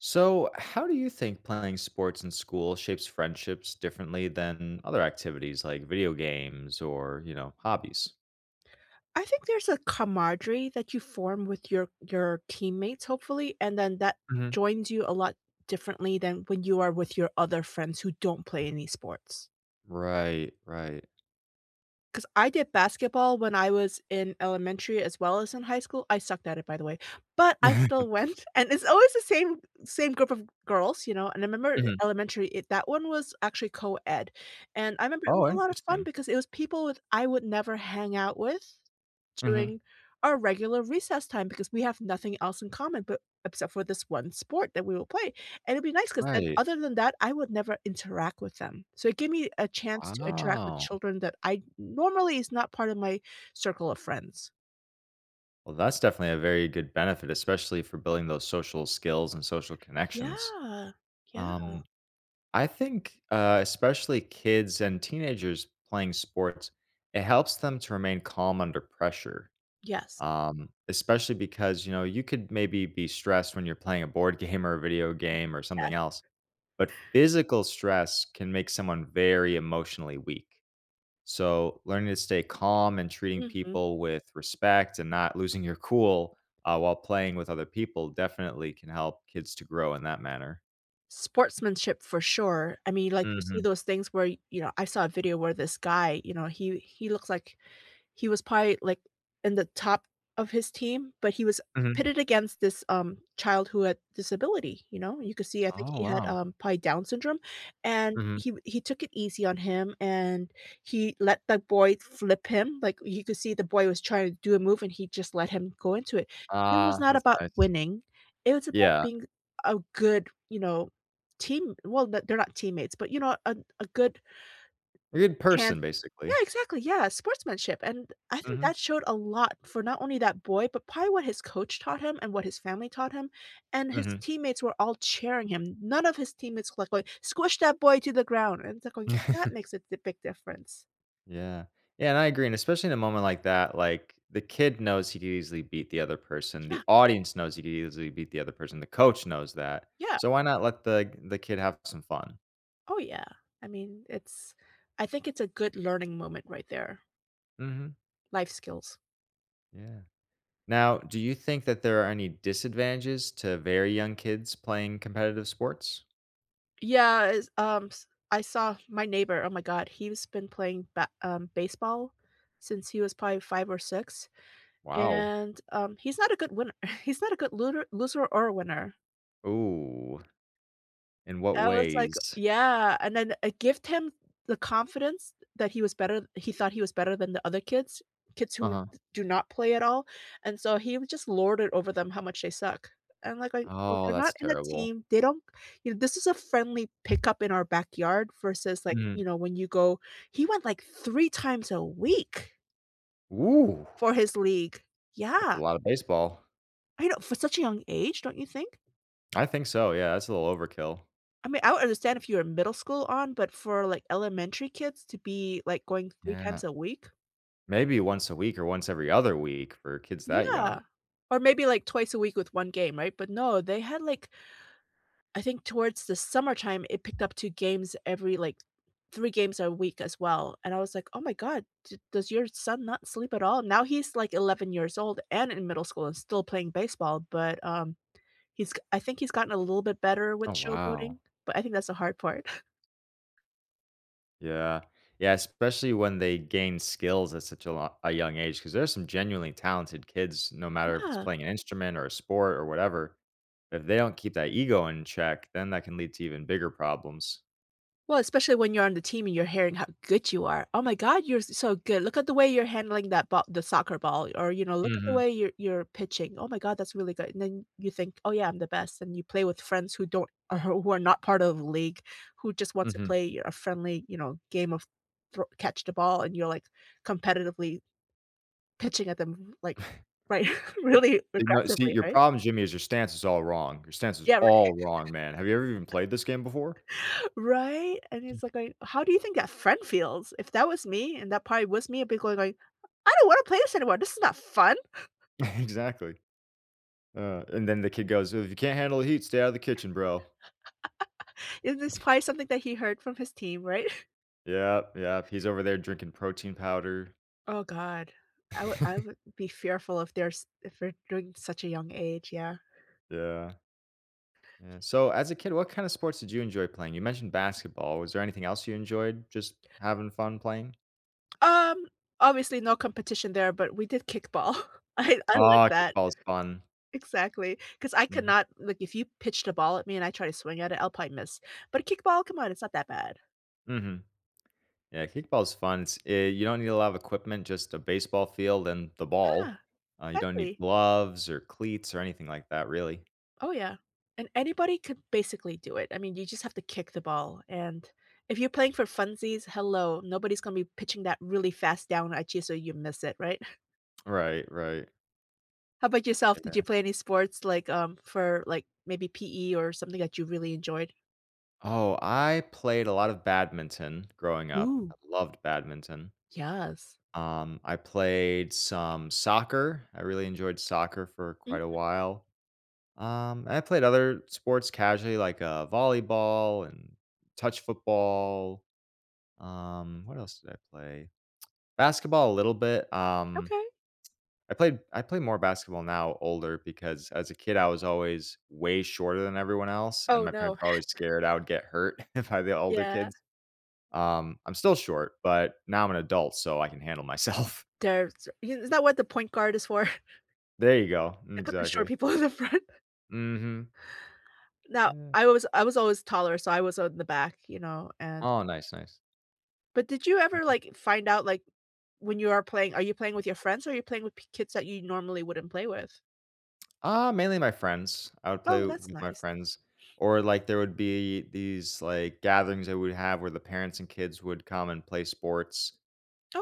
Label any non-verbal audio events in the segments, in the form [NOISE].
So, how do you think playing sports in school shapes friendships differently than other activities like video games or, you know, hobbies? I think there's a camaraderie that you form with your your teammates, hopefully, and then that Mhm. joins you a lot differently than when you are with your other friends who don't play any sports. Right, right. 'Cause I did basketball when I was in elementary as well as in high school- I sucked at it, by the way- but I still [CHUCKLES] went, [CHUCKLES] and it's always the same same group of girls, you know, and I remember Mhm. elementary, it that one was actually coed, and I remember it was Oh, a lot of fun interesting. because it was people with I would never hang out with Mhm. during our regular recess time because we have nothing else in common, but except for this one sport that we all play, and it'd be nice 'cause then, Right. other than that, I would never interact with them, so it gave me a chance to interact with Wow. children that I normally is not part of my circle of friends. Well, that's definitely a very good benefit, especially for building those social skills and social connections, Yeah, yeah. um, I think, uh, especially kids and teenagers playing sports, it helps them to remain calm under pressure, Yes. um, especially because, you know, you could maybe be stressed when you're playing a board game or a video game or something Yes. else, but physical stress can make someone very emotionally weak, so learning to stay calm and treating Mhm. people with respect and not losing your cool, uh, while playing with other people definitely can help kids to grow in that manner. Sportsmanship for sure. I mean, like, you see Mhm. those things where y you know, I saw a video where this guy, you know, he he looks like he was pi like, in the top of his team, but he was Mhm. pitted against this, um, child who had disability, you know? You could see, I think, Oh, he had, wow. um, probably Down syndrome, and Mhm. he he took it easy on him, and he let the boy flip him, like, he could see the boy was tryna do a move, he just let him go into it. It was Ah, not that's about nice. winning, it was about Yeah. being a good, you know, team well, the they're not teammates, but, you know, a a good A good chance person, Yeah, basically. exactly, yeah, sportsmanship, and I think Mhm. that showed a lot for not only that boy, but probably what his coach taught him and what his family taught him, and his Mhm. teammates were all cheering him. None of his teammate's look like, "Squish that boy to the ground." and it's look like, that [CHUCKLES] makes a the big difference. Yeah. Yeah, and I agree, and especially in a moment like that, like, the kid knows he could easily beat the other person, the Yeah. audience knows he could easily beat the other person, the coach knows that, Yeah. so why not let the the kid have some fun? Oh, yeah. I mean, it's I think it's a good learning moment right there. Mhm. Life skills. Yeah. Now, do you think that there are any disadvantages to very young kids playing competitive sports? Yeah, is, ums I saw my neighbor, oh my god, he's been playing ba um, baseball since he was probably 5 or 6, Wow. and, um, he's not a good winner, [SCOFFS] he's not a good lunar loser or winner. Ooh. In what I was like, ways? "Yeah," and then I gift him the confidence that he was better he thought he was better than the other kids, kids who Uh-huh. d do not play at all, and so he was just lorded over them how much they suck. And, like like, well, Oh, they're that's not in a terrible. team, they don't you know, this is a friendly pickup in our backyard versus, like, Mm. you know, when you go he went, like, 3 times a week Ooh. for his league. That's Yeah. a lotta baseball. I know for such a young age, don't you think? I think so, yeah, it's a little overkill. I mean, I would understand if you're in middle school on, but for, like, elementary kids to be, like, going 3 Yeah, no times a week? Maybe once a week or once every other week for kids that young. Yeah, or maybe, like, twice a week with 1 game, right? But, no, they had, like I think towards the summertime, it picked up 2 games every, like, 3 games a week as well, and I was like, "Oh my god, d does your son not sleep at all?" Now he's, like, 11 years old and in middle school and still playing baseball, but, um, he's g I think he's gotten a little bit better with Oh, wow. showboating, but I think that's the hard part. [SCOFFS] Yeah. Yeah, especially when they gain skills at such a l a young age 'cause there are some genuinely talented kids no matter if it's Yeah. playing an instrument or a sport or whatever. If they don't keep that ego in check, then that can lead to even bigger problems. Well, especially when you're on the team and you're hearing how good you are. "Oh my god. You're so good. Look at the way you're handling that ba the soccer ball, or, you know, look at the Mhm. way you're you're pitching, oh my god, that's really good." And then you think, "Oh, yeah. I'm the best." And you play with friends who don't who are not part of league, who just wants to Mhm. play a friendly, you know, game of thr catch the ball, and you're, like, competitively pitching at them, like, right, [CHUCKLES] really You know, “see, aggressively, your right? problem, Jimmy, is your stance is all wrong. Your stance is Yeah, right. all wrong, man. Have you ever even [LAUGHS] played this game before?” Right, and he's [CHUCKLES] like, going how do you think that friend feels? If that was me and that probably was me, I'd be going like, "I don't wanna play this anymore. This is not fun." [CHUCKLES] [CHUCKLES] Exactly. Uh, and then the kid goes, "if you can't handle the heat, stay out of the kitchen, bro." [LAUGHS] And this [CHUCKLES] probably something that he heard from his team, right? Yep, yep. He's over there drinking protein powder. Oh god. I would I [CHUCKLES] would be fearful if there's if you're doing such a young age, yeah. Yeah. Yeah, so as a kid, what kind of sports did you enjoy playing? You mentioned basketball, was there anything else you enjoyed just having fun playing? Um, obviously, no competition there, but we did kickball. [CHUCKLES] I I liked Ah, that. kickball is fun. Exactly, 'cause I Mhm. cannot like, if you pitched a ball at me, and I try to swing at it, I'll probably miss. But a kickball? Come on, it's not that bad. Mhm. Yeah, kickball's fun s Yeah you don't need a lot of equipment, just a baseball field, and the Yeah. ball, uh, you don't need Exactly. gloves, or cleats, or anything like that, really. Oh, yeah, and anybody could basically do it. I mean, you just have to kick the ball, and, if you're playing for funsies, hello? Nobody's gonna be pitching that really fast down at you so you miss it, right? [CHUCKLES] Oh, right, right. How about yourself? Did you Okay. play any sports, like, um, for, like, maybe PE or something that you really enjoyed? Oh, I played a lot of badminton growing up. Ooh. I loved badminton. Yes. Um, I played some soccer. I really enjoyed soccer for quite a Mhm. while, um, and I played other sports casually, like, uh, volleyball, and touch football, um, what else did I play? [TSK] Basketball a little bit, um, Okay. I played I play more basketball now older because, as a kid, I was always way shorter than everyone else, and Oh, my no. parents were always [CHUCKLES] scared I would get hurt, [CHUCKLES] by the older Yeah. kids, um, I'm still short, but now I'm an adult, so I can handle myself. There's you It's not what the point guard is for? [CHUCKLES] There you go. Mm, They put the short exactly. people in the front. Mhm. Now, Yeah. I was I was always taller, so I was on the back, you know, and Oh, nice, nice. But did you ever, Mm. like, find out, like, when you are playing Are you playing with your friends or are you playing with p kids that you normally wouldn't play with? Ah, mainly my friends. I would Oh, play that's with my nice. friends, or, like, there would be these, like, gatherings that we'd have where the parents and kids would come and play sports,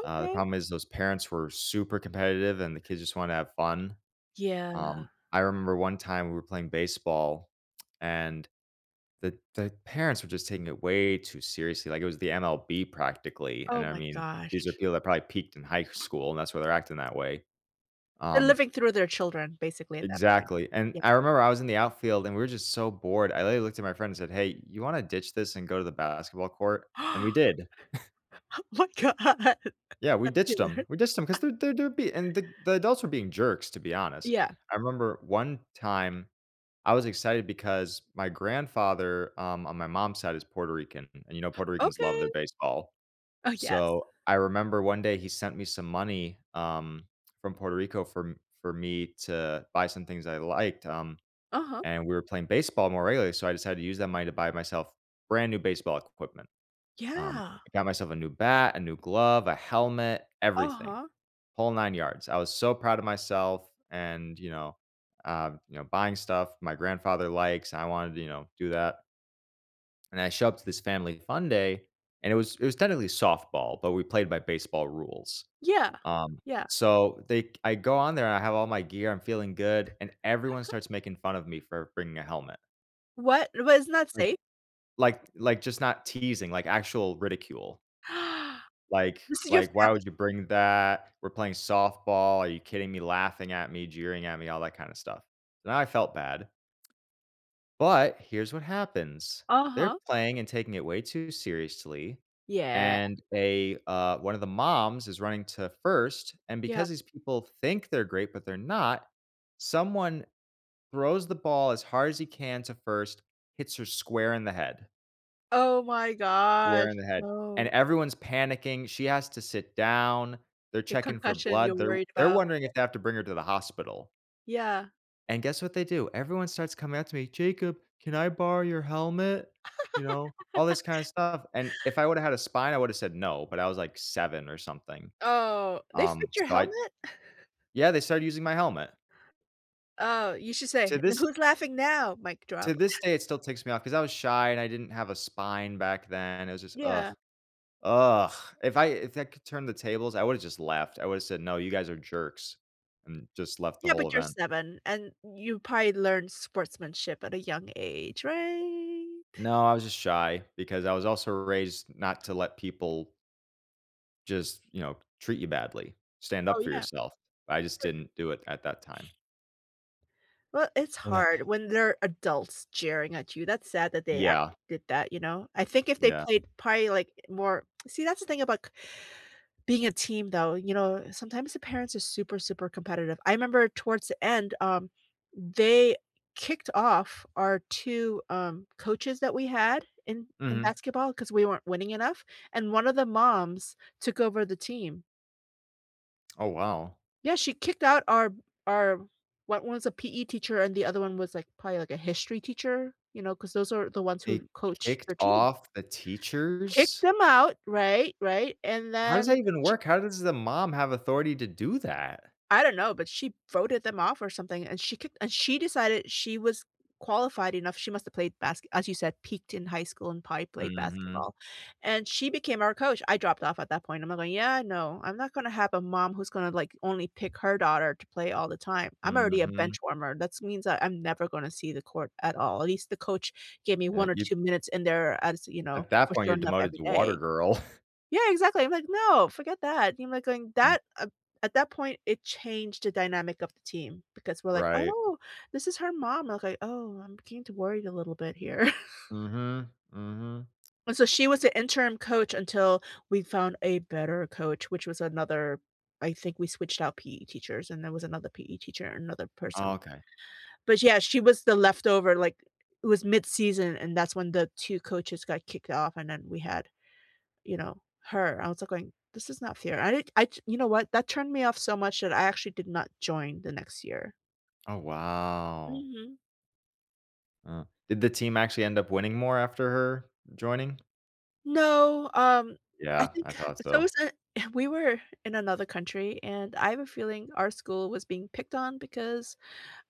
uh, the problem is those parents were super competitive, and the kids just wanna have fun, Yeah. um, I remember one time we were playing baseball, and the the parents were just taking it way too seriously, like it was the MLB practically, and, Oh, I my mean, these are gosh. people that probably peaked in high school, and that's why they're acting that way. They're Um living through their children, basically, at that point. Exactly, and Yes. I remember I was in the outfield, and we were just so bored. I literally looked at my friend and said, "Hey, you wanna ditch this and go to the basketball court?" and we [GASPS] Oh did. [CHUCKLES] my god. That's Yeah, we ditched them. hila We ditched them [LAUGHS] 'cause they're they're they're be and the the adults were being jerks, to be honest. Yeah. I remember one time, I was excited because my grandfather, um, on my mom's side is Puerto Rican, and, you know, Puerto Ricans love their Okay. baseball, Oh, yes. so, I remember one day he sent me some money, um, from Puerto Rico, for m for me to buy some things that I liked, um, Uh-huh. and we were playing baseball more regularly, so I decided to use that money to buy myself brand new baseball equipment, um, Yeah. I got myself a new bat, a new glove, a helmet, everything, Uh-huh. whole 9 yards. I was so proud of myself and, you know, um, you know, buying stuff my grandfather likes, and I wanted to, you know, do that. And I show up to this Family Fun Day, and it was it was technically softball, but we played by baseball rules, Yeah, um, yeah. so they I go on there, I have all my gear, I'm feeling good, and everyone [CHUCKLES] starts making fun of me for bringing a helmet. What? Wasn't that Like safe? like like, just not teasing, like, actual ridicule. [GASPS] Like This is your like, "Why family. would you bring that? We're playing softball. Are you kidding me?" Laughing at me, jeering at me, all that kinda stuff? Then I felt bad. But, here's what happens, they're Uh-huh. playing and taking it way too seriously, Yeah. and they, uh one of the moms is running to first, and Yeah. because these people think they're great, but they're not, someone throws the ball as hard as he can to first, hits her square in the head. Oh, my gosh, Square in the head. And no. everyone's panicking, she has to sit down, they're A checking for concussion you're blood, they're w worried they're about, wondering yep. if they have to bring her to the hospital. Yeah. And guess what they do? Everyone starts coming up to me, "Jacob, can I borrow your helmet?" You know, all this kinda [GIGGLES] stuff. And if I woulda had a spine, I woulda said, "No," but I was, like, seven or something, Oh, they um, fit your so I helmet? [CHUCKLES] yeah, they started using my helmet. Oh, you should To say, “Then this who's laughing now?” Mic to drop. this day, [CHUCKLES] it still ticks me off, 'cause I was shy, and I didn't have a spine back then, it was just, ugh. Yeah. Ugh! If I if I could turn the tables, I woulda just left, I woulda said, "No, you guys are jerks," and just left the Yeah, whole but you're event. seven, and you probably learned sportsmanship at a young age, right? [CHUCKLES] No, I was just shy, because I was also raised not to let people just, you know, treat you badly. Stand Oh, up for yeah. yourself. I just For didn't do it at that time. [SNIFFS] Well, it's Yep. hard when they're adults jeering at you, that's sad that they act Yeah. [UNINTELLIGIBLE] did that, you know? I think if they Yeah. played probably, like, eh, more [TSK] see, that's the thing about c [INHALES] being a team, though, you know? Sometimes the parents are super, super competitive. I remember towards the end, um, they kicked off our two, um, coaches that we had in in Mhm. basketball 'cause we weren't winning enough, and one of the moms took over the team. Oh, wow. Yeah, she kicked out our b our o one's a PE teacher and the other one was, like, probably, like, a history teacher, you know, 'cause those are the ones They who coached her kicked teams. off the Kicked teachers? them out, right, right, and How does then that even she work? How does the mom have authority to do that? I don't know, but she voted them off or something, and she kicked and she decided she was qualified enough. She must've played baske as you said, peaked in high school and probably played Mhm. basketball, and she became our coach- I dropped off at that point- Imma, li "Yeah, no," I'm not gonna have a mom who's gonna, like, only pick her daughter to play all the time, I'm already a Mhm. benchwarmer, that’s means that I'm never gonna see the court at all, at least the coach gave me Yeah, 1 or you 2 minutes in there are as, you know, At that for point you're showing up demoted every to day water girl. [CHUCKLES] Yeah, exactly, I'm like, “No, forget that,” yeah, I'm, like, going Mm. that uh at that point, it changed the dynamic of the team, because we're like, Right. "Oh, this is her mom," I was like, "Oh, I'm beginning to worry a little bit here." [LAUGHS] Mhm. Mhm. And so, she was the interim coach until we found a better coach, which was another I think we switched out PE teachers, and there was another PE teacher, another person. Okay. But, yeah, she was the leftover, like, it was midseason, and that's when the 2 coaches got kicked off, and then we had, you know, her, I was, like, going, "This is not fair." I did I j you know what? That turned me off so much that I actually did not join the next year. Oh wow. Mhm. Uh, did the team actually end up winning more after her joining? No, um, I Yeah. I think thought it's so. almost a uh, we were in another country, and I have a feeling our school was being picked on because,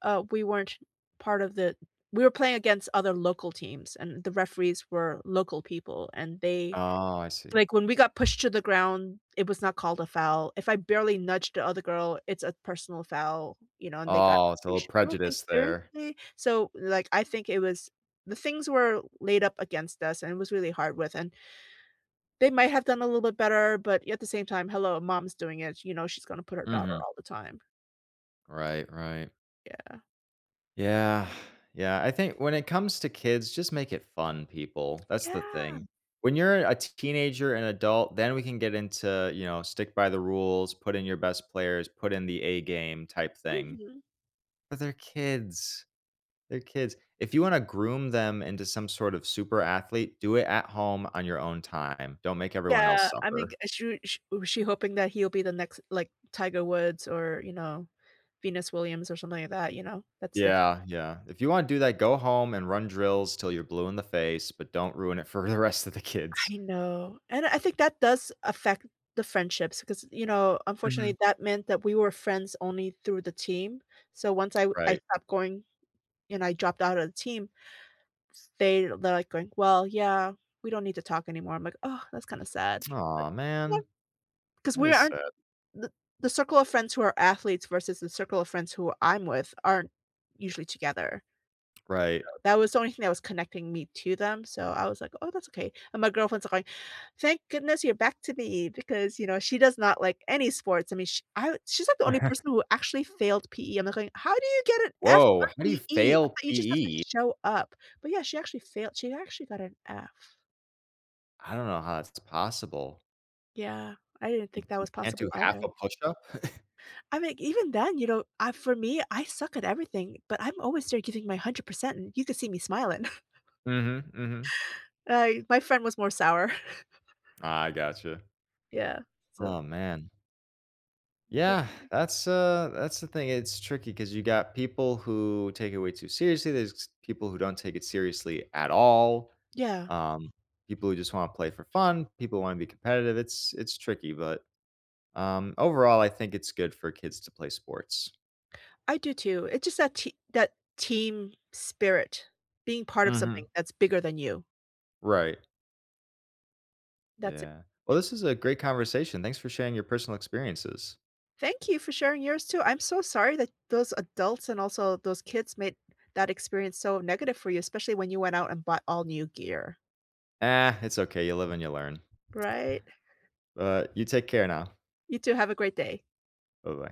uh, we weren't part of the We were playing against other local teams, and the referees were local people, and they Oh, I see. Like, when we got pushed to the ground, it was not called a foul. If I barely nudged the other girl, it's a personal foul, you know, and they got Oh, it's a little probation like, prejudice there. seriously? So, like, I think it was The things were laid up against us, and it was really hard with and they might have done a little bit better, but, yeah, at the same time, "Hello, mom's doing it." you know, she's gonna put her daughter Mhm. all the time. Right. Right. Yeah. Yeah, [SIGHS] yeah. I think when it comes to kids, just make it fun, people. That's the Yeah. thing. When you're a t teenager, an adult, then we can get into, you know, stick by the rules, put in your best players, put in the A game type thing. Mhm. But they're kids. They're kids. If you wanna groom them into some sort of super athlete, do it at home on your own time. Don't make everyone Yeah. else I mean, suffer. uh, she she wa she hoping that he'll be the next, like, Tiger Woods or, you know, Venus Williams or something like that. You know? That's diffi Yeah, yeah. If you wanna do that, go home and run drills till you're blue in the face, but don't ruin it for the rest of the kids. I know, and I think that does affect the friendships ‘cause, you know, Mhm. unfortunately, that meant that we were friends only through the team. So, once I w I Right. stopped going and I dropped out of the team, they're they're, like, going, "Well, yeah, we don't need to talk anymore." I'm like, "Ugh, that's kinda sad.” But Aw, no. man. 'Cause That we is aren't sad. the circle of friends who are athletes versus the circle of friends who I'm with aren't usually together. Right. That was the only thing that was connecting me to them, so I was like, "Oh, that's okay." and my girlfriend's are going, "Thank goodness you're back to me," because, you know, she does not like any sports. I mean, she I wa she's like the only Okay. person who actually failed PE, I'm, like, going, "How do you get an F Woah! on How do you PE? I fail thought you just have to PE? show up." but, yeah, she actually failed, she actually got an F. I don't know how it's possible. Yeah, I didn't You think that you was can't possible do half either. a push up? [CHUCKLES] I mean, even then, you know, I for me, I suck at everything, but I'm always there giving my 100% and you could see me smiling. [CHUCKLES] Mhm, mhm. I my friend was more sour. [CHUCKLES] I gotcha. Yeah, so Oh man. But Yeah, that's uh, that's the thing, it's tricky 'cause you got people who take it way too seriously, there's people who don't take it seriously at all, Yeah. um, people who just wanna play for fun, people who wanna be competitive. It's it's tricky but, um, overall I think it's good for kids to play sports. I do too, it's just that that te that team spirit, being part of something Mhm. that's bigger than you. Right. That's it, Yeah. Well this is a yeah. great conversation, thanks for sharing your personal experiences. Thank you for sharing yours too, I'm so sorry that those adults, and also those kids made that experience so negative for you, especially when you went out and bought all new gear. Ah, it's okay, you live and you learn. Right. But, you take care now. You too, have a great day. Buh-bye.